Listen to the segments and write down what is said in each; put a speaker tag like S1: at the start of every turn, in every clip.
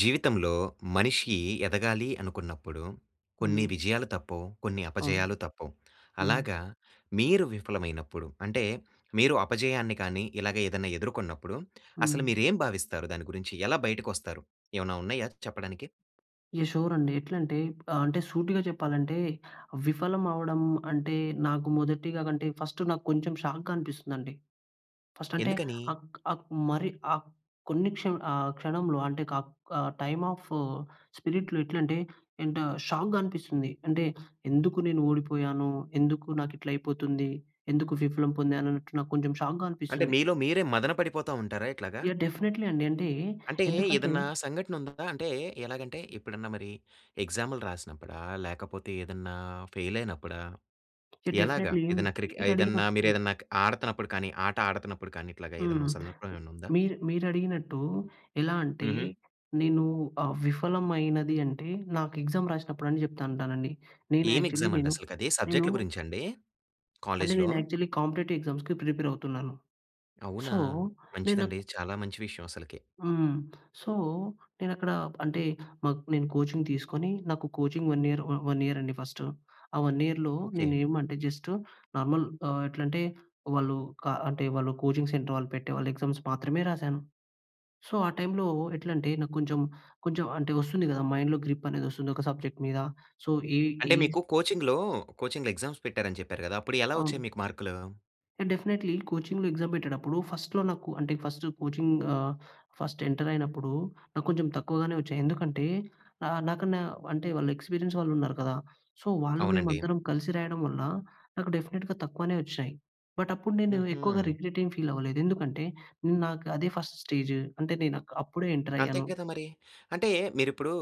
S1: జీవితంలో మనిషి ఎదగాలి అనుకున్నప్పుడు, కొన్ని
S2: హ్మ్.
S1: విజయాలు తప్పవు, కొన్ని
S2: అవును.
S1: అపజయాలు తప్పవు.
S2: హ్మ్.
S1: అలాగ మీరు విఫలమైనప్పుడు, అంటే మీరు అపజయాన్ని కానీ ఇలాగ ఏదైనా ఎదుర్కొన్నప్పుడు
S2: హ్మ్.
S1: అసలు మీరేం భావిస్తారు దాని గురించి, ఎలా బయటకొస్తారు? ఏమైనా ఉన్నాయా చెప్పడానికి?
S2: యాహ్! షూర్ అండి. ఎట్లంటే, అంటే సూటిగా చెప్పాలంటే, విఫలం అవ్వడం అంటే నాకు మొదటిగా కంటే ఫస్ట్ నాకు కొంచెం షాక్‌గా అనిపిస్తుందండి. ఫస్ట్ అంటే
S1: ఎందుకని?
S2: అక్ అక్ మరి ఆ కొన్ని క్షణ ఆ క్షణంలో అంటే క ఆహ్, టైమ్ ఆఫ్ స్పిరిట్‌లో ఎట్లంటే, ఎంత షాక్‌గా అనిపిస్తుంది. అంటే ఎందుకు నేను ఓడిపోయాను? ఎందుకు నాకు ఇట్లా అయిపోతుంది? ఎందుకు విఫలం పొందాను అన్నట్టు నాకు కొంచెం షాక్‌గా
S1: అంటే,
S2: అనిపిస్తుంది.
S1: మీలో మీరే మదన పడిపోతా ఉంటారా ఇట్లాగా?
S2: యాహ్! డెఫినెట్‌లీ అండి. అంటే,
S1: అంటే
S2: ఎందుకంటే?
S1: ఏదన్నా సంఘటన ఉందా? అంటే ఎలాగంటే ఎప్పుడన్నా మరి ఎక్సామ్‌లు రాసినప్పుడా? లేకపోతే ఏదన్నా ఫెయిల్ అయినప్పుడా?
S2: యాహ్!
S1: ఎలాగా?
S2: డెఫినెట్‌లీ
S1: ఏదైనా క్రికెట్
S2: మీరు
S1: ఏదన్నా మీరు
S2: అడిగినప్పు
S1: ఏదైనా ఆడుతున్నప్పుడు కానీ, ఆట ఆడుతున్నప్పుడు కానీ ఇట్లాగా ఏదైనా
S2: హ్మ్.
S1: ఓ సందర్భం ఏమైనా ఉందా?
S2: మీరు మీరు అడిగినట్టు ఎలా అంటే
S1: హుహు.
S2: నేను అ విఫలమైనది అంటే నాకు ఎగ్జామ్ రాసినప్పుడు అని చెప్తా ఉంటానండి. నేను
S1: ఏం
S2: యాక్చువలి
S1: ఎక్సామ్ అండి
S2: నేను,
S1: అసలుకు అది
S2: నేను
S1: సబ్జెక్ట్‌ల గురించా అండి,
S2: అంటే,
S1: కాలేజ్‌‌లో?
S2: నేను యాక్చువల్లీ కాంపిటీటివ్ ఎక్సామ్స్‌కి ప్రిపేర్ అవుతున్నాను.
S1: అవునా!
S2: సో నేన
S1: మంచిదండి, చాలా మంచి విషయం అసలకి.
S2: హ్మ్. సో, నేను అక్కడ అంటే నాకు నేను కోచింగ్ తీసుకొని, నాకు కోచింగ్ 1 ఇయర్, 1 ఇయర్ అండి ఫస్టు. ఆ 1 ఇయర్‍లో
S1: ఓకె.
S2: నేను ఏమంటే జస్ట్, నార్మల్ ఆహ్, ఎట్లంటే వాళ్ళు ఆహ్, అంటే వాళ్ళు కోచింగ్ సెంటర్ వాళ్ళు పెట్టే వాళ్ళు ఎగ్జామ్స్ మాత్రమే రాశాను. సో ఆ టైంలో ఎట్లంటే నాకు కొంచెం, కొంచెం అంటే వస్తుంది కదా! మైండ్‍లో గ్రిప్ అనేది వస్తుంది ఒక సబ్జెక్ట్ మీద. సో ఈ
S1: అంటే,
S2: ఈ
S1: మీకు కోచింగ్‌లో, కోచింగ్‌లో ఎక్సామ్స్ పెట్టారని చెప్పారు కదా! అప్పుడు ఎలా వచ్చాయి
S2: అవును.
S1: మీకు మార్కులు?
S2: అ! డెఫినెట్‌లీ, కోచింగ్‌లో ఎగ్జామ్ పెట్టేటప్పుడు ఫస్ట్‌లో నాకు అంటే ఫస్ట్ కోచింగ్ ఆహ్, ఫస్ట్ ఎంటర్ అయినప్పుడు, నాకు కొంచెం తక్కువగానే వచ్చాయి. ఎందుకంటే ఆహ్, నాకన్నా అంటే వాళ్ళ ఎక్స్పీరియన్స్ వాళ్ళు ఉన్నారు కదా! సో వాళ్ళు
S1: అవునండి.
S2: మేమందరం కలిసి రాయడం వల్ల, నాకు డెఫినెట్‌గా తక్కువనే వచ్చినయి. బట్ అప్పుడు నేను ఎక్కువగా
S1: హుహు.
S2: రిగ్రెట్ ఏం ఫీల్ అవ్వలేదు. ఎందుకంటే నేను నాకు అదే ఫస్ట్ స్టేజ్, అంటే నేను అక్ అప్పుడే ఎంటర్
S1: అంతే
S2: అయ్యాను.
S1: కదా మరి. అంటే మీరు ఇప్పుడు,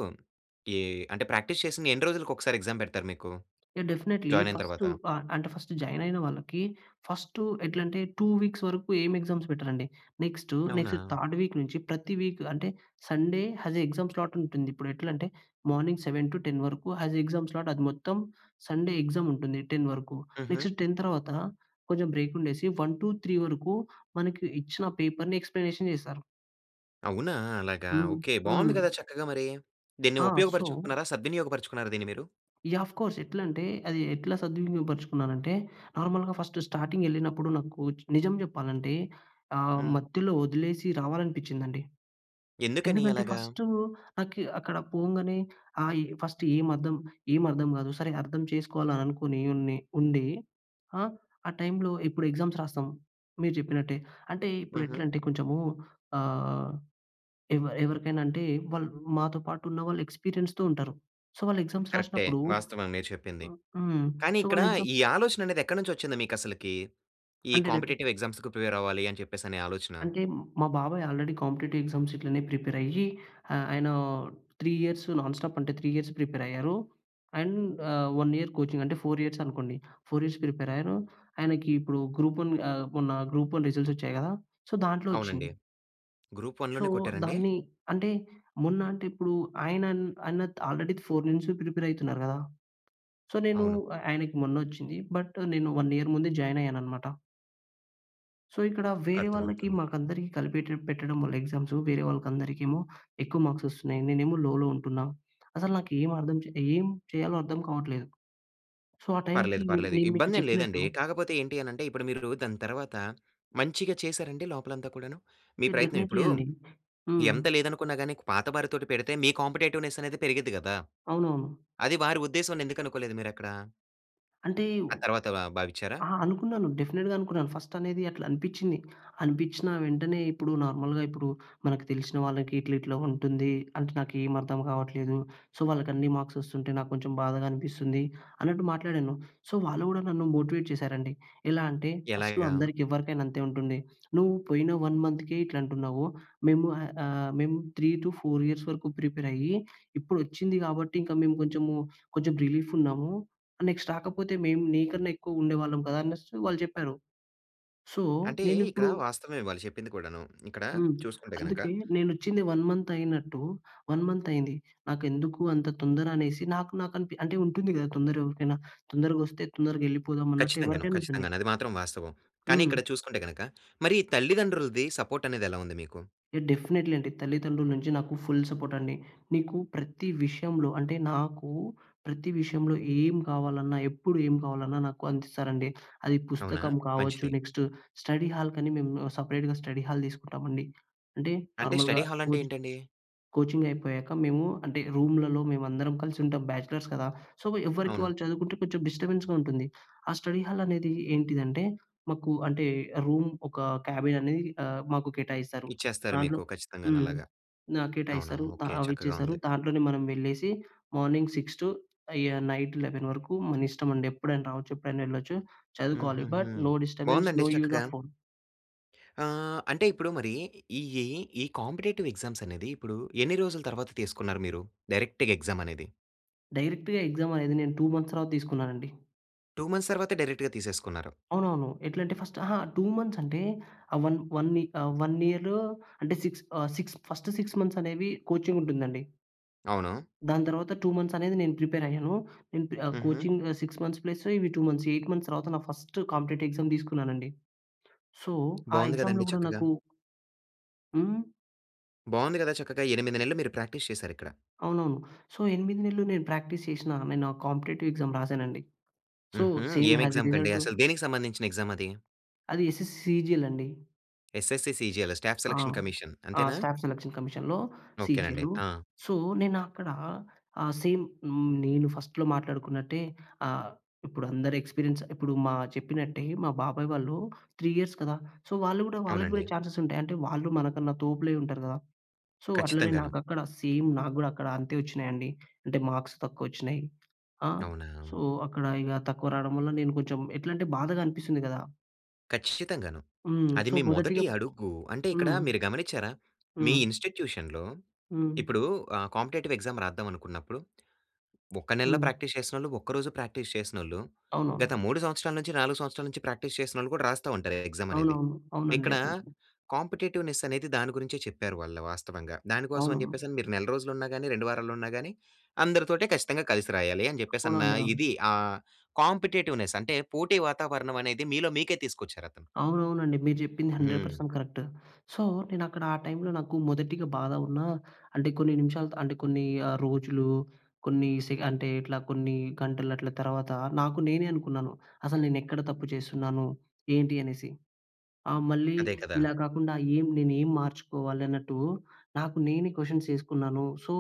S1: ఈ అంటే ప్రాక్టీస్ చేసింది ఎన్ని రోజులకొకసారి ఎక్సామ్ పెడతారు మీకు?
S2: యాహ్! డెఫినెట్‌లీ,
S1: జాయిన్ అయిన
S2: ఫస్టు
S1: తర్వాత.
S2: ఆహ్, అంటే ఫస్ట్ జాయిన్ అయిన వాళ్ళకి, ఫస్టు ఎట్లంటే 2 వీక్స్ వరకు ఏమి ఎగ్జామ్స్ పెట్టరండి. నెక్స్ట్, నెక్స్ట్
S1: అవునా?
S2: థర్డ్ వీక్ నుంచి ప్రతి వీక్ అంటే Sunday has a exam slot ఉంటుంది. ఇప్పుడు ఎట్లంటే మార్నింగ్ 7-10 వరకు ఆది ఎగ్జామ్ స్లాట్ అది మొత్తం సండే ఎగ్జామ్ ఉంటుంది 10 వరకు. నెక్స్ట్
S1: హుహు.
S2: 10 తర్వాత కొంచెం బ్రేక్ ఉండేసి, 1-3 వరకు మనకి ఇచ్చిన పేపర్‍ని ఎక్స్‌ప్లేనేషన్ చేస్తారు.
S1: అవునా! అలాగా.
S2: హ్మ్.
S1: ఓకే. బాగుంది
S2: హ్మ్.
S1: కదా చక్కగా మరి. దీన్ని
S2: ఆ! సో
S1: ఉపయోగపరుచుకున్నారా? సద్వినియోగ పరుచుకున్నారా దీన్ని మీరు?
S2: యాహ్! Of course. ఎట్లా అంటే అది ఎట్లా సద్వినియోగపరుచుకున్నాను అంటే. నార్మల్‌గా ఫస్ట్ స్టార్టింగ్ ఎళ్ళినప్పుడు నాకు నిజం చెప్పాలంటే ఆహ్,
S1: హ్మ్.
S2: మధ్యలో వదిలేసి రావాలనిపించిందండి.
S1: ఎందుకని
S2: ఎందుకంటే
S1: అలాగా?
S2: ఫస్టు నాకి అక్కడ పోంగానే ఆహ్, ఇ ఫస్ట్ ఏమి అర్థం ఏమి అర్థం కాదు. సరే అర్థం చేసుకోవాలి అని అనుకోని ఉన్ని ఉండి. ఆ! ఆ టైమ్‌లో ఇప్పుడు ఎగ్జామ్స్ రాస్తాం. మీరు చెప్పినట్టే అంటే ఇప్పుడు
S1: హుహు.
S2: ఎట్లా అంటే కొంచెము ఆహ్, ఎవ ఎవరికైనా అంటే వాల్ మాతో పాటు ఉన్న వాళ్ళు ఎక్స్పీరియన్స్‌తో ఉంటారు. సో, వాళ్ళు ఎగ్జామ్స్
S1: కరెక్టే.
S2: రాసినప్పుడు
S1: వాస్తవం మీరు చెప్పింది.
S2: హ్మ్.
S1: కానీ
S2: సో,
S1: ఇక్కడ
S2: వాళ్ళ ఎగ్జామ్స్
S1: ఈ ఆలోచన అనేది ఎక్కడి నుంచి వచ్చింది మీకు అసలకి? ఈ
S2: అంటే డెఫ్
S1: కాంపెటిటివ్ ఎగ్జామ్స్‌కి ప్రిపేర్ అవ్వాలి అని చెప్పేసి అనే ఆలోచన.
S2: అంటే మా బాబాయ్ ఆల్రెడీ కాంపిటేటివ్ ఎగ్జామ్స్ ఇట్లనే ప్రిపేర్ అయ్యి ఆ ఆయన 3 ఇయర్స్ నాన్ స్టాప్ అంటే 3 ఇయర్స్ ప్రిపేర్ అయ్యారు. అండ్ ఆహ్ 1 ఇయర్ కోచింగ్. అంటే 4 ఇయర్స్ అనుకోండి. 4 ప్రిపేర్ అయ్యారు. ఆయనకి ఇప్పుడు గ్రూప్-1 ఆహ్ మొన్న గ్రూప్-1 రిజల్ట్స్ వచ్చాయి కదా! సో, దాంట్లో
S1: అవునండి.
S2: వచ్చింది.
S1: గ్రూప్-1
S2: సో,
S1: లోనే కొట్టారాండి?
S2: దాన్ని అంటే మొన్న అంటే ఇప్పుడు ఆయన న్ అన్న త్ ఆల్రెడీ 4 నుంచి ప్రిపేర్ అయితున్నారు కదా! సో, నేను
S1: అవును.
S2: అ ఆయనకి మొన్న వచ్చింది. బట్ నేను 1 ఇయర్ ముందే జాయిన్ అయ్యాను అన్నమాట. సో, ఇక్కడ వేరే వాళ్ళకి
S1: అర్థమవుతుంది.
S2: మాకందరికీ కలిపెట్టి పెట్టడం వల్ల ఎగ్జామ్సు వేరే వాళ్ళకి అందరికేమో ఎక్కువ మార్క్స్ వస్తున్నాయి. నేనేమో లోలో ఉంటున్నా. అసలు నాకు అర్థం చే ఏమి చేయాలో అర్థం కావట్లేదు. సో, ఆ టైమ్‌కి
S1: పర్లేదు, పర్లేదు.
S2: నేను మీకు
S1: ఇబ్బంది ఏం లేదండి.
S2: చెప్పినట్టు
S1: కాకపోతే ఏంటి అనంటే, ఇప్పుడు మీరు దాని తర్వాత మంచిగా చేసారండి లోపలంతా కూడాను. మీ
S2: యాహ్!
S1: ప్రయత్నం
S2: డెఫినిట్‌లీ
S1: ఇప్పుడూ,
S2: అండి. హ్మ్.
S1: ఎంత లేదనుకున్నా గాని నీకు పాతవారితోటి పెడితే మీ కాంపిటీటివ్నెస్ అనేది పెరిగిద్ది గదా!
S2: అవునవును.
S1: అది వారి ఉద్దేశం ఎందుకు అనుకోలేదు మీరు అక్కడ...
S2: అంటే
S1: ఆ తర్వాత ఆహ్, భావించారా?
S2: ఆ! అనుకున్నాను డెఫినెట్‌గా అనుకున్నాను. ఫస్ట్ అనేది అట్లా అనిపించింది. అనిపించిన వెంటనే ఇప్పుడు నార్మల్‍గా ఇప్పుడు, మనకు తెలిసిన వాళ్ళకి ఇట్ల ఇట్లా ఉంటుంది. అంటే, నాకు ఏమి అర్థం కావట్లేదు. సో, వాళ్ళకి అన్నీ మార్క్స్ వస్తుంటే నాకు కొంచెం బాధగా అనిపిస్తుంది. అన్నట్టు మాట్లాడాను. సో, వాళ్ళు గూడా నన్ను మోటివేట్ చేసారండి. ఎలా అంటే, "ఫస్ట్‌లో
S1: ఎలాగా?
S2: అందరికీ ఎవరికైనా అంతే ఉంటుంది. నువ్వు పోయిన 1 మంత్‌కే ఇట్లా అంటున్నావు. మేము ఆహ్, ఆహ్, మేము 3-4 ఇయర్స్ వరకు ప్రిపేరయ్యి. ఇప్పుడు వచ్చింది గాబట్టి ఇంకా మేము కొంచెము, కొంచెం రిలీఫ్ ఉన్నాము. ఆహ్, నెక్స్ట్ రాకపోతే మేము నీకన్నా ఎక్కువ ఉండేవాళ్ళం కదా!" అనేసి వాళ్ళు జెప్పారు. సో,
S1: అంటే,
S2: నేను
S1: ఇక్కడ
S2: ఇప్పుడు
S1: వాస్తవమే వాళ్ళు చెప్పింది కూడాను. ఇక్కడ
S2: హ్మ్.
S1: చూసుకుంటే గనక
S2: అందుకే నేను వచ్చింది. 1 మంత్ అయినట్టు, 1 మంత్ అయింది. నాకు ఎందుకు అంత తొందర అనేసి నాకు నాకు అంటే ఉంటుంది గదా తొందర ఎవరికైనా. తొందరగొస్తే తొందరగా ఎళ్ళిపోదాం అన్నట్టు
S1: ఖచ్చితంగాను,
S2: ఎవరికైనా ఉంటుంది.
S1: ఖచ్చితంగాను. అది మాత్రం వాస్తవం. కానీ,
S2: హ్మ్.
S1: ఇక్కడ చూసుకుంటే గనక మరి తల్లిదండ్రులది సపోర్ట్ అనేది ఎలా ఉంది మీకు?
S2: యాహ్! డెఫినెట్‌లీ అండి. తల్లిదండ్రుల నుంచి నాకు ఫుల్ సపోర్ట్ అండి. మీకు ప్రతి విషయంలో అంటే, నాకు ప్రతి విషయంలో ఏం కావాలన్నా, ఎప్పుడు ఏం కావాలన్నా నాకు అందిస్తారండి. అది
S1: అవునా!
S2: పుస్తకం కావచ్చు.
S1: మంచిది.
S2: నెక్స్టు స్టడీ హాల్‌కని మేము సపరేట్‌గా స్టడీ హాల్ తీసుకున్నామండి. అంటే,
S1: అంటే,
S2: నార్మల్‌గా
S1: స్టడీహాల్ అంటే
S2: కోచింగ్
S1: ఏంటండి?
S2: కోచింగ్ అయిపోయాక, మేము అంటే రూమ్‌లలో మేము అందరం కలిసి ఉంటాం. బ్యాచిలర్స్ కదా. సో, ఎవరికీ
S1: అవును.
S2: వాళ్ళు చదువుకుంటే, కొంచెం డిస్టర్బెన్స్‌గా ఉంటుంది. ఆ స్టడీ హాల్ అనేది ఏంటిదంటే, మాకు అంటే రూమ్ ఒక క్యాబిన్ అనేది ఆహ్, మాకు కేటాయిస్తారు.
S1: ఇచ్చేస్తారు
S2: దాంట్లో
S1: మీకు. ఖచ్చితంగాను
S2: హ్మ్.
S1: అలాగా.
S2: ఆ
S1: అవునా!
S2: కేటాయిస్తారు. త
S1: ఓకే.
S2: అవి
S1: చక్కగా
S2: ఇచ్చేసారు.
S1: ఉంది.
S2: దాంట్లోనే మనం వెళ్ళేసి మార్నింగ్ 6 టూ యాహ్! నైట్ 11 వరకు మన ఇష్టం అండి. ఎప్పుడైనా రావచ్చు. ఎప్పుడైనా ఎళ్ళొచ్చు. చదువుకోవాలి.
S1: హుహుహు.
S2: బట్, నో డిస్టర్బెన్స్,
S1: బాగుందండి
S2: నో యూజ్
S1: చక్కగా.
S2: Off phone.
S1: ఆహ్, అంటే, ఇప్పుడు మరీ ఈ ఎ ఈ కంపెటిటివ్ ఎగ్జామ్స్ అనేది ఇప్పుడు ఎన్ని రోజుల తర్వాత తీసుకున్నారు మీరు? డైరెక్ట్‌గా ఎగ్జామ్ అనేది?
S2: డైరెక్ట్‌గా ఎక్జామ్ అనేది నేను 2 మంత్స్ తర్వాత తీసుకున్నానండి.
S1: 2 మంత్స్ తర్వాతే డైరెక్ట్‌గా తీసేసుకున్నారు.
S2: అవునవును. ఎట్లా అంటే ఫస్ట్ అహా! 2 మంత్స్ అంటే ఆహ్, వన్ వన్ ఇ ఆహ్, 1 ఇయర్‌ అంటే 6 ఆహ్, 6 ఫస్ట్ 6 మంత్స్ అనేవి కోచింగ్ ఉంటుందండి.
S1: అవును.
S2: దాని తర్వాత 2 మంత్స్ అనేది నేను ప్రిపేర్ అయ్యాను. నేను పి ఆహ్,
S1: హుహు.
S2: కోచింగ్ 6 మంత్స్ ప్లస్ ఇవి 2 మంత్స్, 8 మంత్స్ తర్వాత నేను నా ఫస్ట్ కాంపిటేటివ్ ఎక్సామ్ తీసుకున్నానండి. సో, ఆ
S1: బావుంది
S2: ఎక్సామ్‌లో
S1: కదండీ
S2: గూడా
S1: చక్కగా!
S2: నాకు హ్మ్.
S1: బాగుంది కదా చక్కగా. 8 నెలలు మీరు ప్రాక్టీస్ చేసారు ఇక్కడ.
S2: అవునవును. సో, 8 నెలలు నేను ప్రాక్టీస్ చేసినా. ఐ మీన్ ఆ కాంపిటేటివ్ ఎక్సామ్ రాసానండి. సో,
S1: హుహు.
S2: సేమ్
S1: ఏం
S2: హాది
S1: ఎక్సామ్ కండి?
S2: రిజల్టు
S1: అసలు దేనికి సంబంధించిన ఎక్సామ్ అది?
S2: అది యెస్‌యెస్‌‌సీజియల్ అండి.
S1: యెస్‌యెస్‌సీజియల్ స్టాఫ్
S2: ఆ!
S1: సెలక్షన్ కమిషన్‌
S2: ఆ!
S1: అంతేనా?
S2: స్టాఫ్ సెలక్షన్ కమిషన్‌లో
S1: ఓకే అండి.
S2: సీజియల్.
S1: ఆ!
S2: సో, నేను అక్కడ ఆహ్, సేమ్ హ్మ్. నేను ఫస్ట్‌లో మాట్లాడుకున్నట్టే. ఆహ్, ఇప్పుడు అందరు ఎక్స్పీరియన్స్ ఇప్పుడు మా చెప్పినట్టే మా బాబాయ్ వాళ్ళు 3 ఇయర్స్ కదా! సో, వాళ్ళు గూడా వాళ్ళకి
S1: అవునండి.
S2: గూడా ఛాన్సెస్ ఉంటాయి. అంటే వాళ్ళు మనకన్నా తోపులై ఉంటారు గదా! సో, అట్లనే
S1: ఖచ్చితంగాను.
S2: నాకు అక్కడ సేమ్ నాకు గూడా అక్కడ అంతే వచ్చినాయండి. అంటే మార్క్స్ తక్కువ వచ్చినాయి. ఆహ్, సో,
S1: అవునా!
S2: అక్కడ ఇగ తక్కువ రావడం వల్ల నేను కొంచెం ఎట్లంటే బాధగా అనిపిస్తుంది గదా!
S1: కచ్చితంగాను.
S2: హ్మ్.
S1: అది
S2: సో,
S1: మీ
S2: మొదటిగా
S1: మొదటి అడుగు. అంటే, ఇక్కడ
S2: హ్మ్.
S1: మీరు గమనిచ్చేరా? మీ
S2: హ్మ్.
S1: ఇన్స్టిట్యూషన్‌లో,
S2: హ్మ్.
S1: ఇప్పుడూ ఆహ్, కాంపిటేటివ్ ఎగ్జామ్ రాద్దాం అనుకున్నప్పుడు, ఒక నెల్లో
S2: హ్మ్.
S1: ప్రాక్టీస్ చేసినోళ్ళు, ఒక్క రోజు ప్రాక్టీస్ చేసినోళ్ళు, గత
S2: అవునవును.
S1: 3 సంవత్సరాల నుంచి, 4 సంవత్సరాల నుంచి ప్రాక్టీస్ చేసినోళ్ళు కూడా, రాస్తా ఉంటారు ఎ ఎగ్జామనేది.
S2: అవునవును. అవునండి
S1: ఇక్కడ
S2: డెఫ్‌నెట్లీ.
S1: కాంపిటీటివ్‌నిస్సనేది, దాని గురించే చెప్పారు వాళ్ళ వాస్తవంగా. దానికోసం అని
S2: అవునవును.
S1: చెప్పేసని, మీరు నెల రోజులు ఉన్నా గానీ, 2 వారాలు ఉన్నా గానీ, అందరితోటే ఖచ్చితంగా కలిసి రాయాలి అని చెప్పేసన్న
S2: అవునండీ, అవును.
S1: ఇది, ఆహ్, కాంపిటిటివ్‌నెస్ అంటే, పోటీ వాతావరణవనేది మీలో మీకే తీసుకొచ్చారతను.
S2: అవునవునండి. మీరు చెప్పింది హండ్రెడ్
S1: హ్మ్.
S2: Percent correct. సో, నేనక్కడ ఆ టైంలో నాకు మొదటిగ బాధ ఉన్నా, అంటే కొన్ని నిమిషాలు త అంటే కొన్ని ఆహ్, రోజులు కొన్ని సే అంటే ఇట్లా, కొన్ని గంటలట్ల తర్వాత, నాకు నేనే అనుకున్నాను. అసలు నేనెక్కడ తప్పు చేసున్నాను? ఏంటి? అనేసి. ఆహ్, మళ్ళీ
S1: అదే కదా!
S2: ఇలా కాకుండా ఏం నేనేం మార్చుకోవాలన్నట్టు, నాకు నేనే క్వషన్సేసుకున్నాను. సో,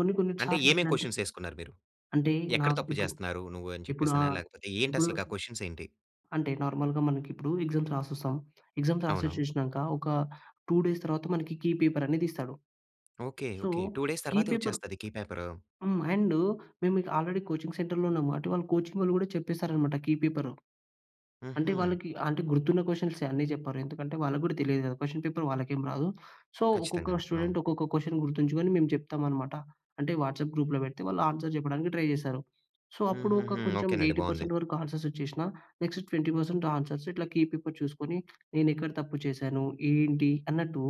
S2: కొన్ని కొన్ని
S1: అంటే ఏమేం
S2: సార్లిట్లాంటి
S1: కొషెన్సేసుకున్నారు మీరు?
S2: అంటే,
S1: ఎక్కడ తప్పు
S2: నాకిపుడు
S1: చేస్తన్నారు? నువ్వు అని
S2: ఇప్పుడు
S1: చెప్పేసనా?
S2: ఆహ్,
S1: లేకపోతే ఏంటి
S2: ఇప్పుడు
S1: అసలకి? ఆ కొషెన్సేంటి?
S2: అంటే నార్మల్‌గా మనకిప్పుడూ ఎగ్జామ్స్ రాసేస్తాం. ఎగ్జామ్స్
S1: అవును.
S2: రాసేసేసినాక, ఒక 2 డేస్ తర్వాత, మనకి కీ పేపర్ అనేదిస్తాడు.
S1: Okay.
S2: So,
S1: okay. 2 days
S2: key
S1: తర్వాతే,
S2: పేపరు
S1: వచ్చేస్తది కీ పేపరు.
S2: హ్మ్. అండు, మేం మీకు ఆల్రెడీ కోచింగ్ సెంటర్‌లో ఉన్నాము. అటే, వాళ్ళు కోచింగ్‌లు కూడా చెప్పేసారనమాట, కీ పీపరు. అంటే వాళ్ళకి అంటే గుర్తున్న కొషన్సే. అన్నీ చెప్పరు. ఎందుకంటే, వాళ్ళకి గూడా తెలియదు కదా! కొషన్ పేపర్ వాళ్ళకేం రాదు. సో, ఒక్కొక్క
S1: ఖచ్చితంగాను. అవును.
S2: స్టూడెంట్, ఒక్కొక్క కొషన్ గుర్తుంచుకొని మేం చెప్తామనమాట. అంటే, వాట్సప్ గ్రూప్‌లో పెడితే, వాళ్ళు ఆన్సర్ చెప్పడానికి ట్రై జేస్తారు. సో, అప్పుడు ఓక
S1: హుహుహు.
S2: కొంచెం
S1: ఓకేనండి
S2: ఎయిటీ
S1: బాగుంది.
S2: పర్సెంట్ వరకు ఆన్సర్సొచ్చేసినా, నెక్స్ట్ 20% ఆన్సర్స్ ఇట్లా కీ పేపర్ చూసుకొని, నేనెక్కడ తప్పు చేశాను? ఏంటి? అన్నట్టు,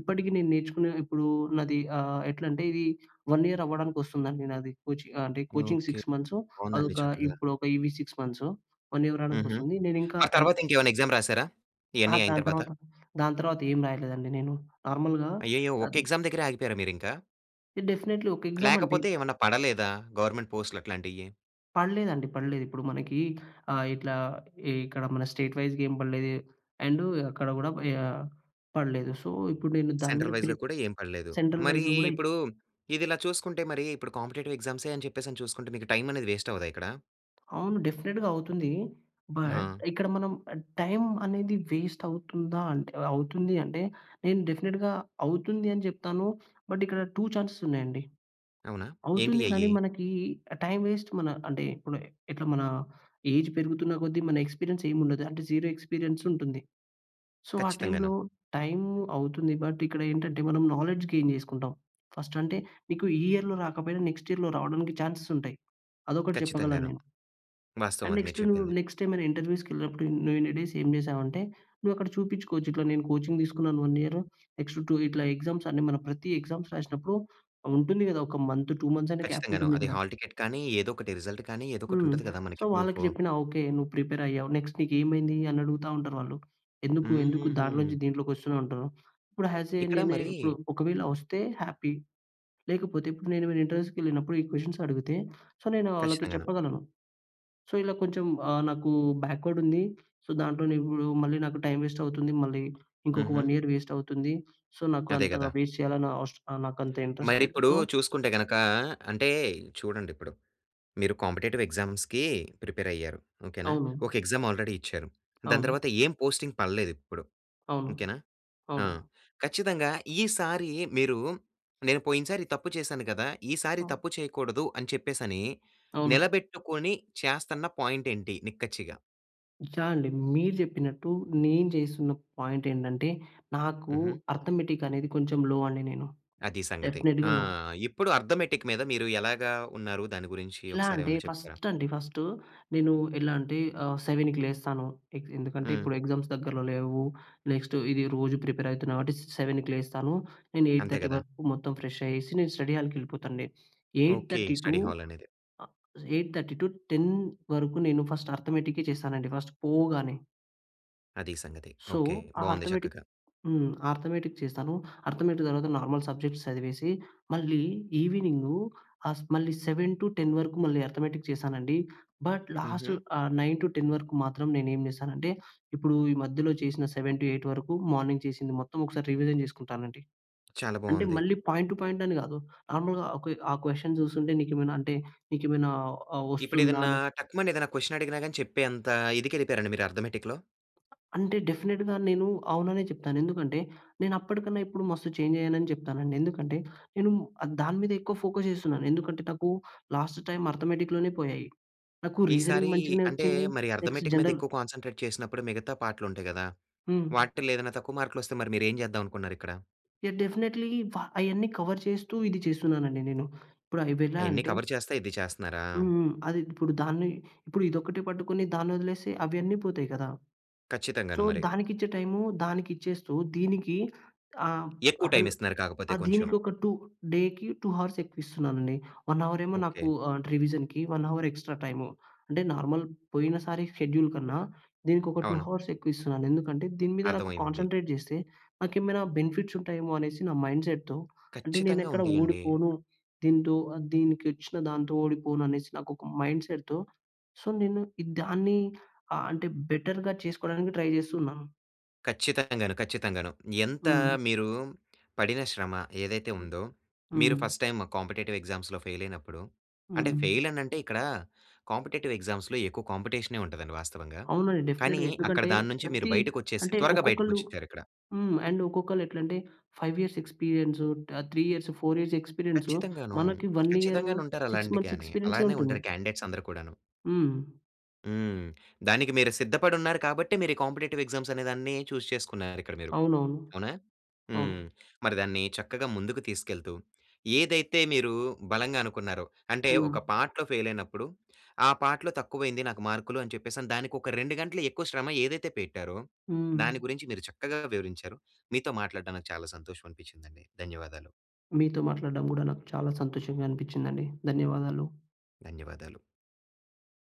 S2: ఇప్పటికి నేను నేర్చుకునే ఇప్పుడు నాది ఆహ్, ఎట్లంటే ఇది 1 ఇయర్ అవ్వడానికొస్తుందండి నాది. కోచి ఆహ్, అంటే కోచింగ్
S1: ఓకే.
S2: 6 మంత్సు.
S1: బావుందండి
S2: అదొక
S1: చక్కగా.
S2: ఇప్పుడొక ఇవి 6 మంత్సు. 1 ఇవు
S1: హుహు.
S2: రావడానికొస్తుంది. నేనింకా
S1: మరి
S2: అంట్
S1: తర్వాత ఇంకేవైనా ఎగ్జామ్ రాసేరా,
S2: అహ!
S1: ఇయన్నీ ఐన
S2: దాని
S1: తర్వాత?
S2: తర్వాత దాని తర్వాతేం రాయలేదండి నేను. నార్మల్‌గా
S1: అయ్యయ్యో!
S2: అం
S1: ఒక్క ఎగ్జామ్ దగ్గరే ఆగిపోయారా మీరింక?
S2: డెఫినిట్‌లీ ఒక ఎగ్జామ్ అండి.
S1: లేకపోతే ఏమన్నా పడలేదా? గవర్నమెంట్ పోస్ట్‌లు అట్లాంటియి.
S2: పడలేదండి, పడలేదు. ఇప్పుడు మనకి ఆహ్, ఇట్లా ఇక్కడ మన స్టేట్ వైజ్‌గా ఏం పడలేదు. అండ్ అక్కడ కూడా ఆహ్, పడలేదు. సో, ఇప్పుడు నేను దాని మీద
S1: సెంట్రల్
S2: ప్రి
S1: వైజ్‌గా కూడా ఏం పడలేదు.
S2: సెంట్రల్
S1: మరి
S2: వైజ్‌గా కూడా
S1: ఇప్పుడు ఇది ఇలా చూసుకుంటే, మరి ఇప్పుడు కాంపెటిటివ్ ఎగ్జామ్సే అని చెప్పేసి చూసుకుంటే, మీకు టైమ్ అనేది వేస్ట్ అవ్వదా ఇక్కడ?
S2: అవును. డెఫినిట్‌గా అవుతుంది. బట్
S1: ఆ!
S2: ఇక్కడ మనం టైమ్ అనేది వేస్ట్ అవుతుందా? అంటే అవుతుంది అంటే, నేను డెఫినిట్‌గా అవుతుంది అని చెప్తాను. బట్ ఇక్కడ టూ చాన్సెస్ ఉన్నాయండి.
S1: అవునా? ఏంటి
S2: అవుతుంది కానీ
S1: యయ్యి?
S2: మనకి టైమ్ వేస్ట్ మన అంటే, ఇప్పడు ఎట్లా మన ఏజ్ పెరుగుతున్న కొద్దీ మన ఎక్స్పీరియన్స్ ఏమి ఉండదు. అంటే, జీరో ఎక్స్పీరియన్స్ ఉంటుంది. సో, ఆ టైమ్‌లో
S1: ఖచ్చితంగాను.
S2: టైమ్ అవుతుంది బట్ ఇక్కడేంటంటే, మనం నాలెడ్జ్ గెయిన్ చేసుకుంటాం. ఫస్ట్ అంటే మీకు ఈ ఇయర్‌లో రాకపోయినా నెక్స్ట్ ఇయర్‌లో రావడానికి చాన్స్‌స్ ఉంటాయి. అదొకటి చెప్పగలను
S1: ఖచ్చితంగాను.
S2: నేను.
S1: వాస్తవం
S2: అండ్
S1: అది మీరు
S2: నెక్స్ట్ నువు
S1: చెప్పింది.
S2: నెక్స్ట్ ఏమైనా ఇంటర్‌వ్యూస్‌కి వెళ్ళినప్పుడు "నువ్వు ఇన్ని డేస్ ఏమి చేసావు?" అంటే, నువ్వు అక్కడ చూపిచ్చుకోవచ్చు. ఇట్ల నేను కోచింగ్ తీసుకున్నాను 1 ఇయర్‌. నెక్స్ట్ టూ ఇట్లా ఎగ్జామ్స్ అన్ని మన ప్రతి ఎగ్జామ్స్ రాసినప్పుడు ఉంటుంది గదా! ఒక మంత్, 2 మంత్స్ అన్నా గ్యాప్
S1: ఖచ్చితంగాను.
S2: ఉంటుంది
S1: అది
S2: గదా!
S1: హాల్ టికెట్‌ కానీ, ఏదో ఒకటి రిజల్ట్‌ కానీ, ఏదో ఒకటి
S2: హ్మ్.
S1: ఉంటది కదా!
S2: సో,
S1: మనకి ప్రూఫ్.
S2: వాళ్ళకి చెప్పినా ఓకే. నువ్వు ప్రిపేర్ అయ్యావు. నెక్స్ట్ "నీకేమైంది?" అని అడుగుతా ఉంటారు వాళ్ళు. "ఎందుకు, ఎందుకు దాంట్లో నుంచి
S1: హుహుహు.
S2: దీంట్లోకి వస్తూనావు?" అంటారు. ఇప్పుడు హౌసే
S1: ఇక్కడ
S2: నేను
S1: మరీ
S2: ఇప్పుడు ఒకవేళ వస్తే హ్యాపీ. లేకపోతే ఇప్పుడు నేను ఇంటర్‌వ్యూస్‌కి వెళ్ళినప్పుడు ఈ క్వశ్చన్స్ అడగితే, సో, నేను వాళ్ళకి
S1: ఖచ్చితంగాను.
S2: చెప్పగలను. సో, ఇలా కొంచెం ఆహ్, నాకు బ్యాక్వర్డ్ ఉంది. సో, దాంట్లోనే ఇప్పుడు మళ్ళీ నాకు టైమ్ వేస్ట్ అవుతుంది. మళ్ళీ ఇంకొక
S1: హుహు.
S2: 1 ఇయర్ వేస్ట్ అవుతుంది. సో, నాకు
S1: అదే
S2: అంతగా
S1: గదా!
S2: వేస్ట్ చేయాలన్న అవసర ఆహ్, నాకు అంత ఇంట్రెస్ట్ లేదు.
S1: మరిప్పుడు
S2: సో
S1: చూసుకుంటే గనకా, అంటే చూడండిప్పుడు, మీరు కాంపిటేటివ్ ఎగ్జామ్స్‌కి ప్రిపేర్ అయ్యారు. ఓకేనా!
S2: అవును.
S1: ఒక ఎగ్జామ్స్‌ ఆల్రెడీ ఇచ్చారు. దాని
S2: అవును.
S1: తర్వాత ఏం పోస్టింగ్ పడలేదు ఇప్పుడు.
S2: అవును.
S1: ఇంతేనా. ఆ!
S2: అవును.
S1: ఖచ్చితంగా ఈసారి మీరు, "నేను పోయినసారి తప్పు చేశాను కదా! ఈసారి
S2: ఆ!
S1: తప్పు చేయకూడదు" అని చెప్పేసి అని
S2: అవును.
S1: నిలబెట్టుకొని చేస్తన్న పాయింట్ ఏంటి? నిక్కచ్చిగా.
S2: చ అండి. మీరు చెప్పినట్టు, నేను చేస్తున్న పాయింట్ ఏంటంటే, నాకు
S1: హుహు.
S2: అర్ధమెటిక్ అనేది కొంచెం లో అండి. నేను
S1: అది సంగతి. ఆ!
S2: డెఫినిట్‌గా లో.
S1: ఇప్పుడు అర్ధమెటిక్ మీద మీరు ఎలాగా ఉన్నారు? దాని గురించి
S2: ఎలా
S1: ఒకసారి
S2: అంటే
S1: ఏమైనా చెప్తారా?
S2: ఫస్ట్ అండి ఫస్టు. నేను ఎలా అంటే ఆహ్, 7కి లేస్తాను. ఎ ఎందుకంటే
S1: హ్మ్.
S2: ఇప్పుడు ఎగ్జామ్స్ దగ్గరలో లేవు. నెక్స్ట్ ఇది రోజు ప్రిపేర్ అయితున్నా అంటే, 7కి లేస్తాను. నేను ఎయిట్
S1: అంతే
S2: థర్టీ
S1: కదా!
S2: వరకు మొత్తం ఫ్రెష్ అయ్యేసి, నేను స్టడీ హాల్‌కెళ్ళిపోతాను అండి. Eight
S1: okay.
S2: Thirty to
S1: study hall అనేది
S2: ఆహ్, 8:30-10 వరకు నేను ఫస్ట్ అర్ధమెటిక్కే చేస్తానండి. ఫస్ట్ పోగానే.
S1: అది సంగతి.
S2: So,
S1: okay.
S2: ఆ
S1: బావుంది
S2: అర్ధమెటిక్
S1: చక్కగా.
S2: హ్మ్. అర్ధమెటిక్ చేస్తాను. అర్థమెటిక్ తర్వాత నార్మల్ సబ్జెక్ట్స్ చదివేసి మళ్ళీ ఈవెనింగు ఆహ్, మళ్ళీ 7-10 వరకు మళ్ళీ అర్ధమెటిక్ చేశానండి. బట్, లాస్ట్
S1: హుహు.
S2: ఆహ్, 9-10 వరకు మాత్రం నేను ఏం చేస్తానంటే, ఇప్పుడు ఈ మధ్యలో చేసిన 7-8 వరకు మార్నింగ్ చేసింది మొత్తం ఒకసారి రివిజన్ చేసుకుంటానండి.
S1: చాలా
S2: అంటే
S1: బావుంది.
S2: మళ్ళీ పాయింట్ టు పాయింట్ అని కాదు. నార్మల్‌గా ఆహ్, ఆ క్వెషన్ చూస్తుంటే, నీకు ఏమైనా అంటే నీకు ఏమైనా ఆహ్,
S1: ఇప్పుడు
S2: వస్తుందా
S1: ఏదన్నా
S2: అన్నటు.
S1: టక్ మని ఏదైనా క్వెషన్ అడిగినా గాని, చెప్పేంత ఇదికి వెళ్ళిపోయారండి మీరు అర్ధమెటిక్‌లో?
S2: అంటే డెఫినిట్‌గా నేను అవుననే చెప్తాను. ఎందుకంటే, నేను అప్పటికన్నా ఇప్పుడు మస్తు ఛేంజ్ అయ్యాను చెప్తానండి. ఎందుకంటే నేను ఆహ్, దాని మీద ఎక్కువ ఫోకస్ చేస్తున్నాను. ఎందుకంటే నాకూ లాస్ట్ టైమ్ అర్ధమెటిక్‌లోనే పోయాయి. నాకూ
S1: ఈసారి
S2: రీజనింగ్ మంచిగానే
S1: అంటే
S2: వచ్చింది.
S1: మరి
S2: నెక్స్ట్
S1: అర్థమెటిక్ మీద
S2: జనరల్
S1: ఎక్కువ కాన్సంట్రేట్ చేసినప్పుడు మిగతా పార్ట్‌లుంటాయి కదా!
S2: హ్మ్.
S1: వాటిలో ఏదైనా తక్కువ మార్కులొస్తే మరి మీరేం చేద్దామనుకున్నారిక్కడ?
S2: యహ్! డెఫినెట్లీ వ అయన్నీ కవర్ చేస్తూ ఇది చేస్తున్నానండి నేనూ. ఇప్పుడవి ఎలా
S1: అయన్నీ
S2: అంటే
S1: కవర్ చేస్తా ఇది చేస్తున్నారా?
S2: హ్మ్. హ్మ్. అది ఇప్పుడు దాన్ని ఇప్పుడు ఇదొక్కటి పట్టుకొని దాన్నొదిలేసి అవన్ని పోతాయి కదా! సో
S1: ఖచ్చితంగాను మరి.
S2: దానికి ఇచ్చే టైము దానికిచ్చేస్తూ, దీనికీ ఆహ్,
S1: ఎక్కువ
S2: అసలు
S1: టైమిస్తున్నారు కాకపోతే
S2: ఆ!
S1: కొంచెం.
S2: దీనికి ఒక 2 డేకి 2 హవర్స్ ఎక్కువిస్తున్నానండి. 1 అవర్ ఏమో
S1: ఓకె.
S2: నాకు ఆహ్, రివిజన్‍కి 1 అవర్ ఎక్స్‌ట్రా టైము. అంటే నార్మల్ పోయినసారి షెడ్యూల్ కన్నా దీనికి ఒక 2
S1: అవును.
S2: హవర్స్ ఎక్కువిస్తున్నాను. ఎందుకంటే, దీని మీద నాకు
S1: అర్థమైంది.
S2: కాన్సంట్రేట్ జేస్తే నాకేమైనా బెనిఫిట్స్ ఉంటాయేమో అనేసి నా మైండ్ సెట్‌తో అంటే నేను
S1: ఖచ్చితంగా
S2: ఎక్కడ
S1: ఉంటాయండి.
S2: ఓడిపోను, దీంతో ఆహ్, దీనికిచ్చిన దాంతో ఓడిపోను అనేసి నాకు ఒక మైండ్ సెట్‌తో. సో నేను ఇ దాన్ని ఆహ్, అంటే బెటర్‌గా చేసుకోవడానికి ట్రై చేస్తూ ఉన్నాను.
S1: ఖచ్చితంగాగను, ఖచ్చితంగాను. ఎంతా
S2: హ్మ్.
S1: మీరు పడిన శ్రమ ఏదైతే ఉందో, మీరు
S2: హ్మ్.
S1: ఫస్ట్ టైమ్ కాంపిటేటివ్ ఎగ్జామ్స్‌లో ఫెయిలైయినప్పుడు అంటే
S2: హ్మ్.
S1: ఫెయిలని అంటే ఇక్కడ కాంపిటేటివ్ ఎగ్జామ్స్‌లో ఎక్కువ కాంపిటీషనే ఉంటదండి వాస్తవంగా.
S2: అవునండి
S1: కానీ
S2: డెఫినిట్‌గా.
S1: అక్కడ
S2: ఎందుకంటే,
S1: దాన్నుంచి మీరు
S2: ప్రతి
S1: బయటకొచ్చేసి,
S2: అంటే
S1: త్వరగా
S2: ఒక్కొక్కళ్ళు
S1: బయటకొచ్చేసారిక్కడ.
S2: హ్మ్. ఒక్కొక్కళ్ళెట్లా అంటే 5 ఇయర్స్ ఎక్స్‌పీరియన్సు ఆహ్, 3 ఇయర్స్, 4 ఇయర్స్ ఎక్స్‌పీరియన్సూ
S1: ఖచ్చితంగాను.
S2: మనకి 1 ఇయర్
S1: ఖచ్చితంగానుంటారు
S2: 6
S1: అలాంటి
S2: మంత్స్
S1: గాని,
S2: ఎక్స్‌పీరియన్సే
S1: అలానే
S2: ఉంటుంది.
S1: ఉంటారు కాంన్డిడేట్స్ అందరూ కూడాను.
S2: హ్మ్.
S1: హ్మ్. దానికి మీరు సిద్ధపడున్నారు కాబట్టే మీరు ఈ కాంపిటీటివ్ ఎగ్జామ్స్ అనే దాన్ని చూజ్ చేసుకున్నారిక్కడ మీరు.
S2: అవునవును.
S1: అవునా?
S2: అవును.
S1: హ్మ్. మరి దాన్ని చక్కగా ముందుకు తీసుకెళ్తూ ఏదైతే మీరూ బలంగా అనుకున్నారో. అంటే
S2: హ్మ్.
S1: ఒక పార్ట్‌లో ఫెయిలైనప్పుడు, ఆ పార్ట్‌లో తక్కువైంది నాకు మార్కులు అని చెప్పేసని. దానికొక 2 గంటలు ఎక్కువ శ్రమ ఏదైతే పెట్టారో, దాని
S2: హ్మ్.
S1: గురించి మీరు చక్కగా వివరించారు. మీతో మాట్లాడడం నాకు చాలా సంతోషమనిపించిందండి. ధన్యవాదాలు.
S2: మీతో మాట్లాడడం కూడా నాకు చాలా సంతోషంగా అనిపించిందండి. ధన్యవాదాలు.
S1: ధన్యవాదాలు.